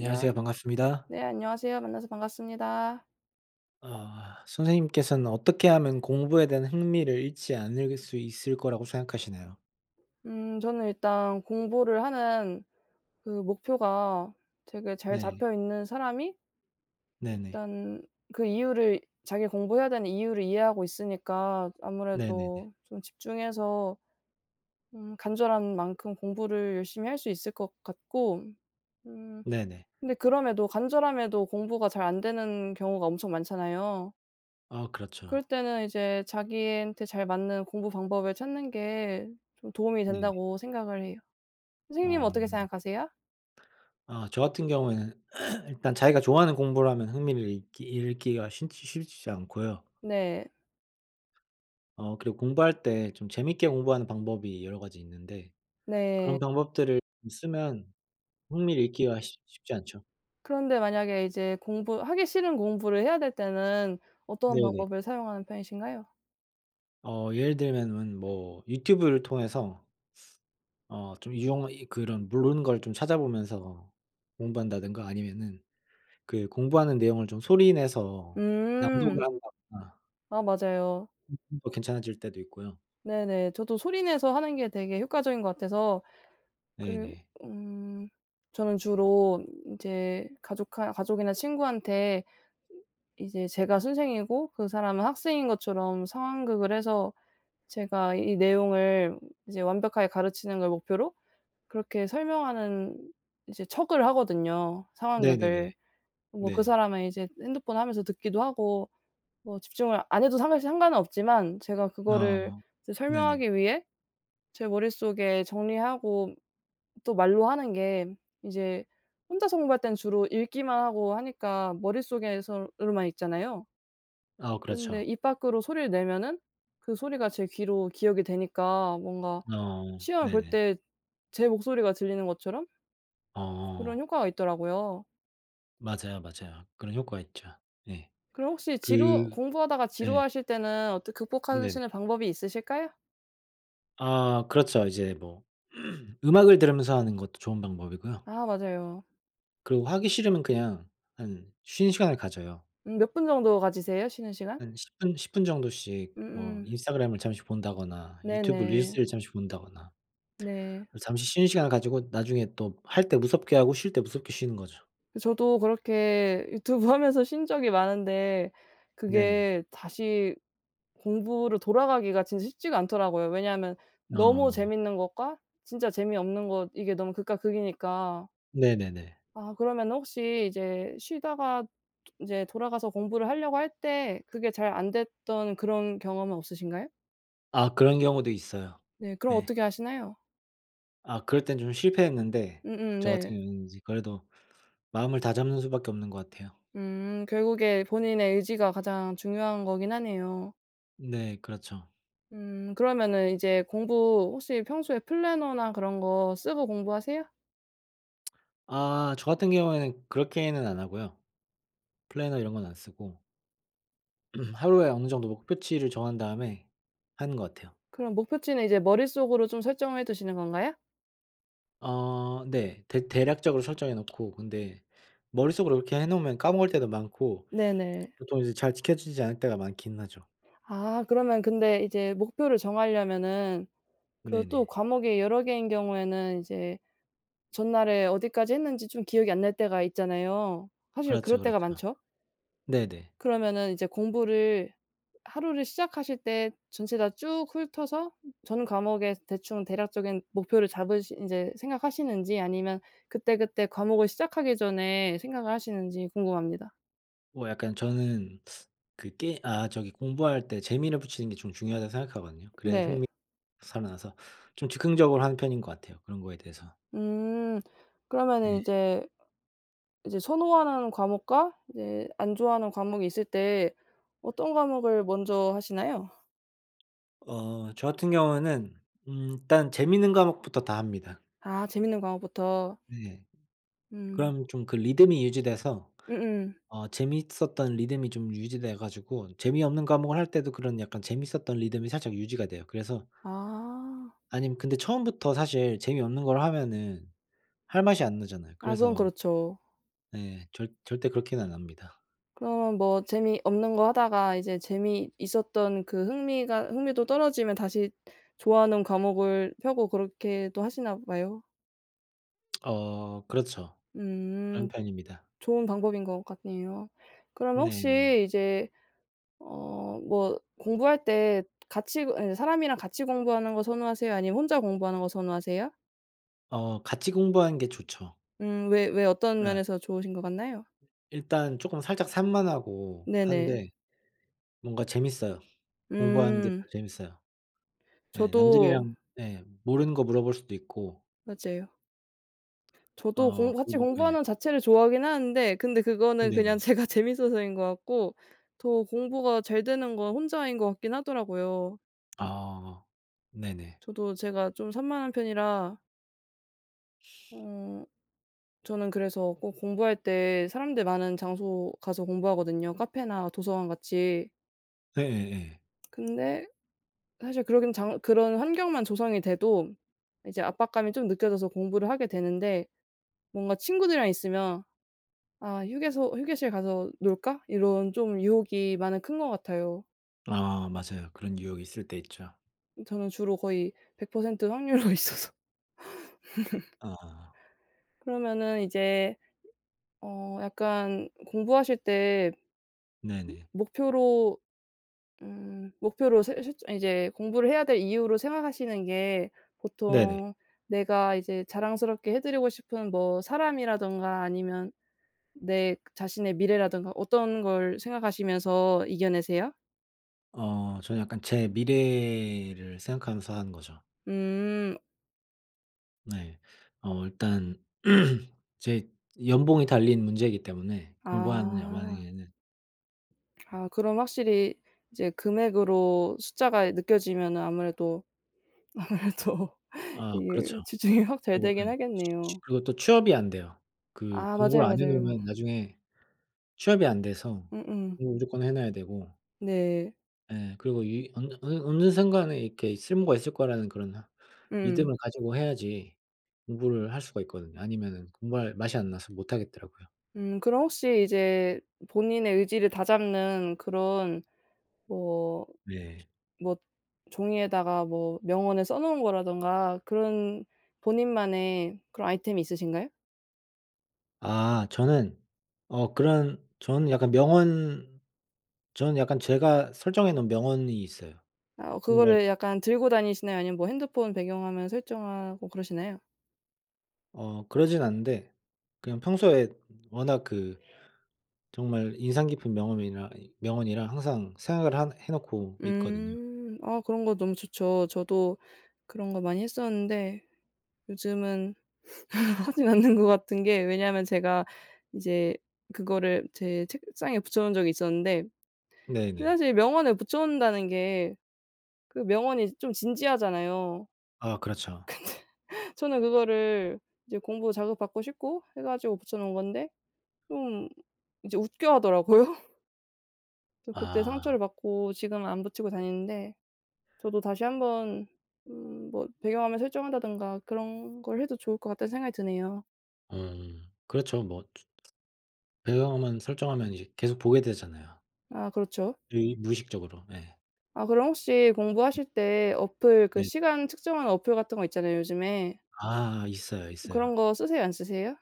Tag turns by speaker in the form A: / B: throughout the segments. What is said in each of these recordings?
A: 안녕하세
B: 반갑습니다.
A: 네 안녕하세요. 만나서 반갑습니다.
B: 아 선생님께서는 어떻게 하면 공부에 대한 흥미를 잃지 않을 수 있을 거라고 생각하시나요?
A: 음 저는 일단 공부를 하는 그 목표가 되게 잘
B: 네.
A: 잡혀 있는 사람이
B: 네네.
A: 일단 그 이유를 자기가 공부해야 되는 이유를 이해하고 있으니까
B: 네네네.
A: 아무래도 좀 집중해서 음 간절한 만큼 공부를 열심히 할 수 있을 것 같고 음
B: 네네.
A: 근데 그럼에도 간절함에도 공부가 잘 안 되는 경우가 엄청 많잖아요.
B: 아 그렇죠.
A: 그럴 때는 이제 자기한테 잘 맞는 공부 방법을 찾는 게 좀 도움이
B: 네네.
A: 된다고 생각을 해요. 선생님은
B: 아.
A: 어떻게 생각하세요?
B: 아 저 같은 경우에는 일단 자기가 좋아하는 공부를 하면 흥미를 잃기 잃기가 신지 싫지 않고요.
A: 네.
B: 어 그리고 공부할 때 좀 재밌게 공부하는 방법이 여러 가지 있는데
A: 네.
B: 그런 방법들을 쓰면 흥미를 잃기가 쉽 쉽지 않죠.
A: 그런데 만약에 이제 공부 하기 싫은 공부를 해야 될 때는 어떤
B: 네네.
A: 방법을 사용하는 편이신가요?
B: 어 예를 들면은 뭐 유튜브를 통해서 어 좀 유용하 이 그런 모르는 걸 좀 찾아보면서 공부한다든가 아니면은 그 공부하는 내용을 좀 소리 내서 낭독을
A: 음.
B: 한다거나
A: 아 맞아요.
B: 어 괜찮아질 때도 있고요.
A: 네네. 저도 소리내서 하는 게 되게 효과적인 것 같아서 그리
B: 네네.
A: 음 저는 주로 인제 가족하 가족이나 친구한테 이제 제가 선생이고 그 사람은 학생인 것처럼 상황극을 해서 제가 이 내용을 이제 완벽하게 가르치는 걸 목표로 그렇게 설명하는 이제 척을 하거든요
B: 네네네.
A: 상황극을. 뭐 그
B: 네.
A: 사람은 이제 핸드폰 하면서 듣기도 하고 뭐 집중을 안 해도 사실 상관은 없지만 제가 그거를
B: 아
A: 이제
B: 네네.
A: 설명하기 위해 제 머릿속에 정리하고 또 말로 하는 게 이제 혼자서 공부할 때는 주로 읽기만 하고 하니까 머릿속에서 으로만 읽잖아요.
B: 아
A: 근데
B: 그렇죠.
A: 입 밖으로 소리를 내면은 그 소리가 제 귀로 기억이 되니까 뭔가
B: 아
A: 시험을 볼
B: 네네.
A: 때 제 목소리가 들리는 것처럼 그런
B: 아.
A: 효과가 있더라고요.
B: 맞아요, 맞아요. 그런 효과 있죠. 네.
A: 그럼 혹시 지루
B: 그
A: 공부하다가
B: 예.
A: 지루하실 때는 어떤
B: 네네.
A: 극복하시는 방법이 있으실까요?
B: 아 그렇죠. 이제 뭐 음악을 들으면서 하는 것도 좋은 방법이고요.
A: 아 맞아요.
B: 그리고 하기 싫으면 그냥 한 쉬는 시간을 가져요.
A: 음 몇 분 정도 가지세요 쉬는 시간?
B: 한 10 분 10 분 정도씩 뭐
A: 음음.
B: 인스타그램을 잠시 본다거나 유튜브
A: 네네.
B: 릴스를 잠시 본다거나
A: 네.
B: 잠시 쉬는 시간을 가지고 나중에 또 할 때 무섭게 하고 쉴 때 무섭게 쉬는 거죠.
A: 저도 그렇게 유튜브 하면서 쉰 적이 많은데
B: 네네.
A: 그게 다시 공부로 돌아가기가 진짜 쉽지가 않더라고요. 왜냐하면 너무
B: 어.
A: 재밌는 것과 진짜 재미없는 것 이게 너무 극과 극이니까
B: 네네네.
A: 아. 그러면 혹시 이제 쉬다가 도 인제 돌아가서 공부를 하려고 할 때 그게 잘 안 됐던 그런 경험은 없으신가요?
B: 아 그런 경우도 있어요.
A: 네. 그럼
B: 네.
A: 어떻게 하시나요?
B: 아 그럴 때는 좀 실패했는데
A: 음음
B: 저
A: 네.
B: 같은 경우는 이제 그래도 마음을 다잡는 수밖에 없는 것 같아요.
A: 음. 결국에 본인의 의지가 가장 중요한 거기는 하네요.
B: 네. 그렇죠.
A: 음. 그러면은 이제 공부 혹시 평소에 플래너나 그런 거 쓰고 공부하세요?
B: 아. 저 같은 경우에는 그렇게는 안 하고요. 플래너 이런 건 안 쓰고 음 하루에 어느 정도 목표치를 정한 다음에 하는 것 같아요.
A: 그럼 목표치는 이제 머릿속으로 좀 설정해 두시는 건가요?
B: 아 네. 대 대략적으로 설정해 놓고 근데 머릿속으로 이렇게 해 놓으면 까먹을 때도 많고
A: 네네.
B: 보통 이제 잘 지켜지지 않을 때가 많기는 하죠.
A: 아. 그러면 근데 이제 목표를 정하려면은 그리고 또
B: 네네.
A: 과목이 여러 개인 경우에는 이제 전날에 어디까지 했는지 좀 기억이 안 날 때가 있잖아요. 사실 그럴
B: 그렇죠, 그렇죠.
A: 때가 많죠?
B: 네네.
A: 그러면은 이제 공부를 하루를 시작하실 때 전체 다 쭉 훑어서 전 과목에 대충 대략적인 목표를 잡으시 이제 생각하시는지 아니면 그때그때 과목을 시작하기 전에 생각을 하시는지 궁금합니다.
B: 어 약간 저는 그 게 아 저기 공부할 때 재미를 붙이는 게 좀 중요하다고 생각하거든요. 그래야
A: 네.
B: 흥미 살아나서. 좀 즉흥적으로 하는 편인 것 같아요 그런 거에 대해서.
A: 음. 그러면은
B: 네.
A: 이제 이제 선호하는 과목과 이제 안 좋아하는 과목이 있을 때 어떤 과목을 먼저 하시나요?
B: 어 저 같은 경우에는 음 일단 재밌는 과목부터 다 합니다.
A: 아 재밌는 과목부터.
B: 네.
A: 음.
B: 그럼 좀 그 리듬이 유지돼서
A: 음음.
B: 어 재미있었던 리듬이 좀 유지돼 가지고 재미없는 과목을 할 때도 그런 약간 재밌었던 리듬이 살짝 유지가 돼요. 그래서
A: 아.
B: 아님 근데 처음부터 사실 재미없는 걸 하면은 할 맛이 안 나잖아요.
A: 아 그건
B: 그래서
A: 그렇죠.
B: 네 절 절대 그렇게는 안 합니다.
A: 그러면 뭐 재미없는 거 하다가 이제 재미있었던 그 흥미가 흥미도 떨어지면 다시 좋아하는 과목을 펴고 그렇게도 하시나 봐요?
B: 어. 그렇죠. 그런
A: 음.
B: 편입니다.
A: 좋은 방법인 것 같네요. 그러면
B: 네네.
A: 혹시 이제 어 뭐 공부할 때 같이 그 예 사람이랑 같이 공부하는 거 선호하세요 아니면 혼자 공부하는 거 선호하세요?
B: 어. 같이 공부하는 게 좋죠.
A: 음. 왜 왜 어떤
B: 어.
A: 면에서 좋으신 것 같나요?
B: 일단 쪼끔 살짝 산만하고
A: 네네.
B: 하는데 뭔가 재밌어요. 공부하는 게 더
A: 음.
B: 재밌어요. 예
A: 저도
B: 남들이랑 네 모르는 거 물어볼 수도 있고.
A: 맞아요. 저도
B: 어.
A: 공부
B: 그
A: 같이
B: 뭐 네.
A: 공부하는 자체를 좋아하기는 하는데 근데 그거는 그냥
B: 네네.
A: 제가 재밌어서 인 것 같고 더 공부가 잘 되는 건 혼자인 것 같기는 하더라고요.
B: 아. 네네.
A: 저도 제가 좀 산만한 편이라 어. 저는 그래서 꼭 공부할 때 사람들 많은 장소 가서 공부하거든요, 카페나 도서관 같이.
B: 네예예.
A: 근데 사실 그러기는 장 그런 환경만 조성이 돼도 이제 압박감이 좀 느껴져서 공부를 하게 되는데 뭔가 친구들이랑 있으면 "아. 휴게소 휴게실 가서 놀까?" 이런 좀 유혹이 많이 큰 것 같아요.
B: 아 맞아요. 그런 유혹이 있을 때 있죠.
A: 음 저는 주로 거의 100% 확률로 있어서.
B: 아.
A: 그러면은 이제 어 약간 공부하실 때
B: 네네.
A: 목표로 음 목표로 세우실 저 이제 공부를 해야 될 이유로 생각하시는 게
B: 네네.
A: 보통 내가 이제 자랑스럽게 해 드리고 싶은 뭐 사람이라든가 아니면 내 자신의 미래라든가 어떤 걸 생각하시면서 이겨내세요?
B: 어. 저는 약간 제 미래를 생각하면서 하는 거죠.
A: 음.
B: 네. 어 일단 제 연봉이 달린 문제이기 때문에, 공부하느냐
A: 아.
B: 마냐에는.
A: 아. 그럼 확실히 이제 금액으로 숫자가 느껴지면은 아무래도 아무래도
B: 아 그렇죠.
A: 이게 집중이 확 잘
B: 그리고 예.
A: 되기는 하겠네요.
B: 그리고 또 취업이 안 돼요. 그
A: 아. 맞아요,
B: 공부를 안 해
A: 맞아요.
B: 놓으면 나중에 취업이 안 돼서
A: 음음.
B: 공부를 무조건 해 놔야 되고
A: 네.
B: 예. 그리고 유의 언 어느 어느 순간에 이렇게 쓸모가 있을 거라는 그런
A: 음.
B: 믿음을 가지고 해야지 공부를 할 수가 있거든요. 아니면은 공부할 맛이 안 나서 못 하겠더라고요.
A: 음. 그럼 혹시 이제 본인의 의지를 다잡는 그런 뭐,
B: 예.
A: 뭐 종이에다가 뭐 명언에 써 놓은 거라던가 그런 본인만의 그런 아이템이 있으신가요?
B: 아. 저는 어 그런 저는 약간 명언 저는 약간 제가 설정해 놓은 명언이 있어요.
A: 아
B: 공부할
A: 그거를 약간 들고 다니시나요 아니면 뭐 핸드폰 배경화면에 설정하고 그러시나요?
B: 어. 그러지는 않는데 그냥 평소에 워낙 그 정말 인상 깊은 명엄이라 이 명언이라 항상 생각을 하 해 놓고 있거든요.
A: 음. 아 그런 거 너무 좋죠. 저도 그런 거 많이 했었는데 요즘은 하지 않는 것 같은 게 왜냐하면 제가 이제 그거를 제 책상에 붙여 놓은 적이 있었는데 근데
B: 네네.
A: 사실 명언을 붙여 놓는다는 게 그 명언이 좀 진지하잖아요.
B: 아 그렇죠.
A: 근데 저는 그거를 이제 공부 자극 받고 싶고 해 가지고 붙여 놓은 건데 좀 이제 웃겨하더라고요. 저 그때
B: 아.
A: 상처를 받고 지금은 안 붙이고
B: 네.
A: 다니는데 저도 다시 한번 음 뭐 배경 화면을 설정한다든가 그런 걸 해도 좋을 것 같다는 생각이 드네요.
B: 음. 그렇죠 뭐. 추 배경 화면 설정하면 이제 계속 보게 되잖아요.
A: 아 그렇죠.
B: 으의 무의식적으로 예.
A: 아 그럼 혹시 공부하실 때 어플 그
B: 네.
A: 시간 측정한 어플 같은 거 있잖아요 요즘에.
B: 아. 있어요, 있어요.
A: 그런 거 쓰세요, 안 쓰세요?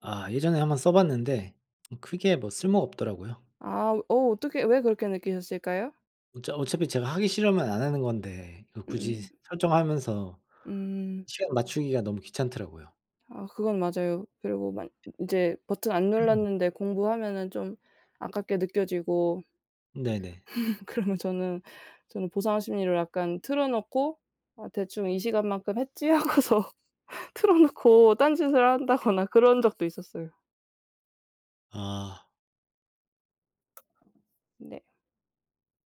B: 아. 예전에 한번 써 봤는데 크게 뭐 쓸모 없더라고요.
A: 아. 어 어떻게 왜 그렇게 느끼셨을까요?
B: 어차 어차피 제가 하기 싫으면 안 하는 건데 이걸 굳이
A: 음.
B: 설정하면서
A: 음.
B: 시간 맞추기가 너무 귀찮더라고요.
A: 아 그건 맞아요. 그리고 막 인 인제 버튼 안 눌렀는데 공부하면은 좀 아깝게 느껴지고.
B: 네네.
A: 그러면 저는, 저는 보상 심리를 약간 틀어놓고 '어 대충 이 시간만큼 했지.' 하고서 틀어놓고 딴짓을 한다거나 그런 적도 있었어요.
B: 아.
A: 네.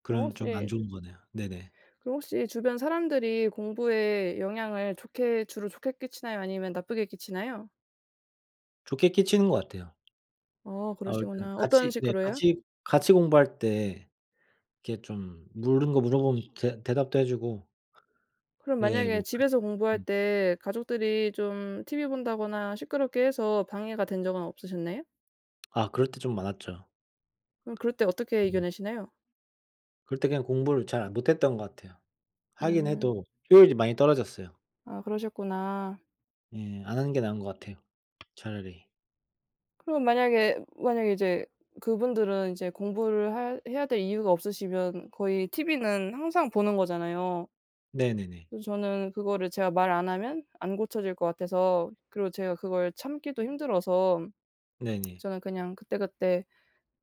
A: 그럼
B: 그럼 좀 안
A: 혹시
B: 좋은 거네요. 네네.
A: 그럼 혹시 주변 사람들이 공부에 영향을 좋게 주로 좋게 끼치나요 아니면 나쁘게 끼치나요?
B: 좋게 끼치는 것 같아요.
A: 아
B: 아무튼
A: 그러시구나. 어떤
B: 같이 네
A: 식으로요?
B: 같이 같이 공부할 때 이렇게 좀 모르는 거 물어보면 대 대답도 해 주고
A: 그럼
B: 예
A: 만약에
B: 뭐
A: 집에서 공부할
B: 음.
A: 때 가족들이 좀 티비 본다거나 시끄럽게 해서 방해가 된 적은 없으셨나요?
B: 아 그럴 때 좀 많았죠.
A: 그럼 그럴 때 어떻게
B: 음.
A: 이겨내시나요?
B: 그럴 때 그냥 공부를 잘 못했던 것 같아요. 하기는
A: 음.
B: 해도 효율이 많이 떨어졌어요.
A: 아 그러셨구나.
B: 예. 안 하는 게 나은 것 같아요 차라리.
A: 그러면 만약에 만약에 이제 그분들은 이제 공부를 할 해야 될 이유가 없으시면 거의 티비는 항상 보는 거잖아요.
B: 네네네.
A: 그래서 저는 그거를 제가 말 안 하면 안 고쳐질 것 같아서 그리고 제가 그걸 참기도 힘들어서
B: 네네.
A: 저는 그냥 그때 그때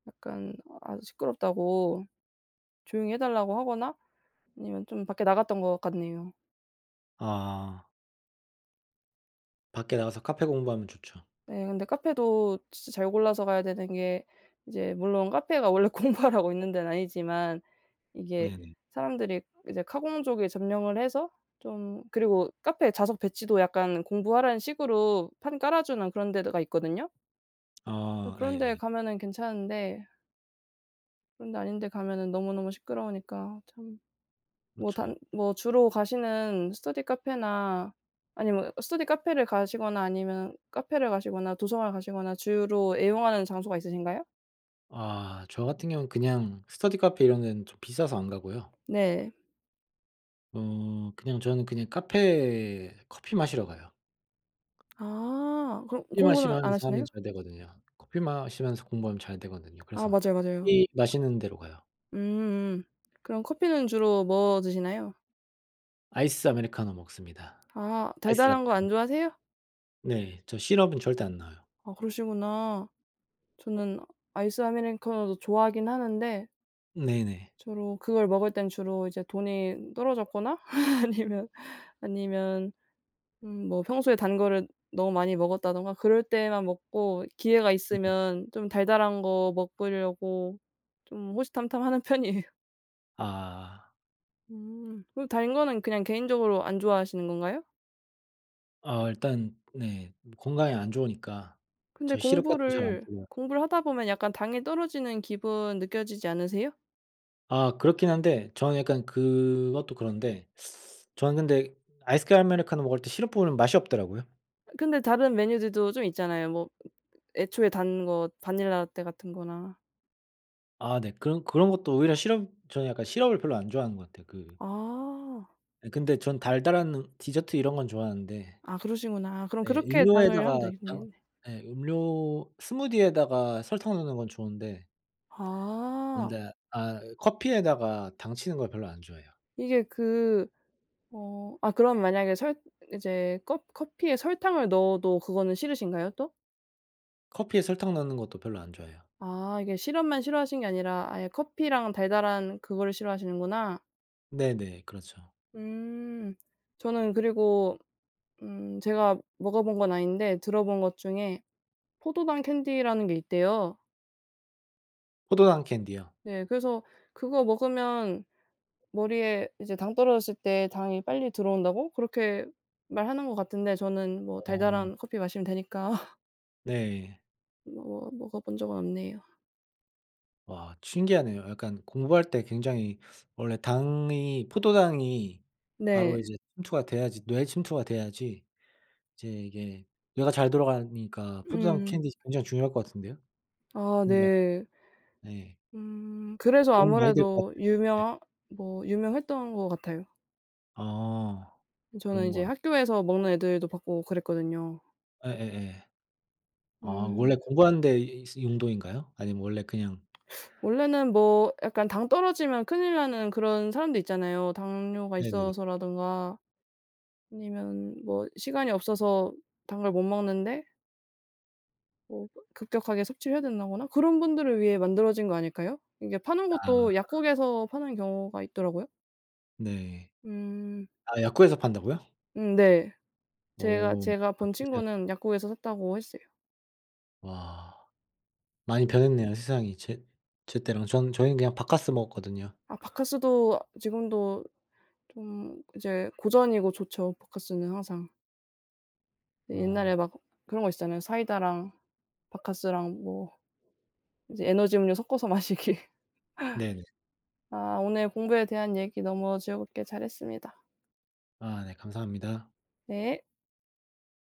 A: 약간 아 시끄럽다고 조용히 해 달라고 하거나 아니면 좀 밖에 나갔던 것 같네요.
B: 아. 밖에 나가서 카페 공부하면 좋죠.
A: 네. 그런데 카페도 진짜 잘 골라서 가야 되는 게 이제 물론 카페가 원래 공부하라고 있는 데는 아니지만 이게
B: 네네.
A: 사람들이 이제 카공족에 점령을 해서 좀 그리고 카페 좌석 배치도 약간 공부하라는 식으로 판 깔아 주는 그런 데 드 가 있거든요. 아
B: 아.
A: 그런데
B: 예예.
A: 가면은 괜찮은데 그런 데 아닌 데 가면은 너무너무 시끄러우니까 참. 뭐
B: 그렇죠.
A: 단 뭐 주로 가시는 스터디 카페나 아니면은 스터디 카페를 가시거나 아니면 카페를 가시거나 도서관을 가시거나 주로 애용하는 장소가 있으신가요?
B: 아. 저 같은 경우 그냥 스터디 카페 이런 데는 좀 비싸서 안 가고요.
A: 네.
B: 어. 그냥 저는 그냥 카페에 커피 마시러 가요.
A: 아. 그럼
B: 커피
A: 공부는 안
B: 마시면서 하면
A: 하시나요?
B: 잘 되거든요. 커피 마시면서 공부하면 잘 되거든요
A: 아
B: 그래서
A: 맞아요, 맞아요.
B: 커피 마시는 데로 가요.
A: 음 음. 그럼 커피는 주로 뭐 드시나요?
B: 아이스 아메리카노 먹습니다.
A: 아.
B: 아이스 라테.
A: 달달한 거 안 좋아하세요?
B: 네. 저 시럽은 절대 안 넣어요.
A: 아 그러시구나. 저는 아이스 아메리카노도 좋아하기는 하는데
B: 네네.
A: 주로 그걸 먹을 때는 주로 이제 돈이 떨어졌거나 아니면 아니면 음 뭐 평소에 단 거를 너무 많이 먹었다던가 그럴 때만 먹고 기회가 있으면 좀 달달한 거 먹으려고 좀 호시탐탐 하는 편이에요.
B: 아.
A: 음. 그럼 단 거는 그냥 개인적으로 안 좋아하시는 건가요?
B: 어. 일단 네 뭐 건강에 안 좋으니까
A: 근데
B: 저 시럽 같은 거 잘 안
A: 공부를
B: 뿌려요.
A: 공부를 하다보면 약간 당이 떨어지는 기분 느껴지지 않으세요?
B: 아. 그렇기는 한데 저는 약간 그것도 그런데 저는 근데 아이스 아메리카노 먹을 때 시럽 뿌리면 맛이 없더라고요.
A: 근데 다른 메뉴들도 좀 있잖아요. 뭐 애초에 단 거 바닐라 라테 같은 거나.
B: 아 네. 그런 그런 것도 오히려 시럽 전 약간 시럽을 별로 안 좋아하는 것 같아요 그
A: 아.
B: 예. 근데 저는 달달한 음 디저트 이런 건 좋아하는데,
A: 아 그러시구나. 그럼
B: 예
A: 그렇게 당을 하면
B: 음료에다가 당
A: 되겠네.
B: 예 음료 스무디에다가 설탕 넣는 건 좋은데
A: 아.
B: 그런데 아 이 커피에다가 당치는 걸 별로 안 좋아해요.
A: 이게 그 어 아 그럼 만약에 설 이제 껍 커피에 설탕을 넣어도 그거는 싫으신가요 또?
B: 커피에 설탕 넣는 것도 별로 안 좋아해요.
A: 아. 이게 시럽만 싫어하시는 게 아니라 아예 커피랑 달달한 그거를 싫어하시는구나.
B: 네네. 그렇죠.
A: 음. 저는 그리고 음 제가 먹어본 건 아닌데 들어본 것 중에 포도당 캔디라는 게 있대요.
B: 포도당 캔디요?
A: 네. 그래서 그거 먹으면 머리에 이제 당 떨어졌을 때 당이 빨리 들어온다고 그렇게 말하는 것 같던데 저는 뭐
B: 어.
A: 달달한 커피 마시면 되니까.
B: 네.
A: 먹어 먹어 본 적은 없네요.
B: 와 신기하네요. 약간 공부할 때 굉장히 원래 당이 포도당이
A: 네.
B: 바로 이제 침투가 돼야지 뇌에 침투가 돼야지 이제 이게 뇌가 잘 돌아가니까 포도당
A: 음.
B: 캔디 굉장히 중요할 것 같은데요.
A: 아.
B: [unintelligible]
A: 네.
B: 네.
A: 음. 그래서
B: 도움 많이 될 것
A: 아무래도
B: 같아요. 네.
A: 유명하 뭐 유명했던 것 같아요.
B: 아.
A: 저는
B: 그런
A: 인제
B: 건
A: 학교에서 먹는 애들도 봤고 그랬거든요.
B: 예예예. 아 원래
A: 음.
B: 공부하는 데 있으 인도인가요? 아님 원래 그냥.
A: 원래는 뭐 약간 당 떨어지면 큰일 나는 그런 사람도 있잖아요. 당뇨가
B: 네네네.
A: 있어서라든가 아니면 뭐 시간이 없어서 당을 못 먹는데 뭐 급격하게 섭취를 해야 된다거나 그런 분들을 위해 만들어진 거 아닐까요? 이게 파는
B: 아.
A: 것도 약국에서 파는 경우가 있더라고요.
B: 네.
A: 음.
B: 아 약국에서 판다고요?
A: 음 네. 제가,
B: 어.
A: 제가
B: 아
A: 본
B: 신기하네.
A: 친구는 약국에서 샀다고 했어요.
B: 와. 많이
A: 음.
B: 변했네요 세상이 제 제 때랑. 전 저희는 그냥 박카스 먹었거든요.
A: 아 박카스도 지금도 좀 이제 고전이고 좋죠 박카스는 항상.
B: 어.
A: 옛날에 막 그런 거 있었잖아요. 사이다랑 박카스랑 뭐 이제 에너지 음료 섞어서 마시기.
B: 네네.
A: 아. 오늘 공부에 대한 얘기 너무 즐겁게 잘했습니다.
B: 아 네 감사합니다.
A: 네.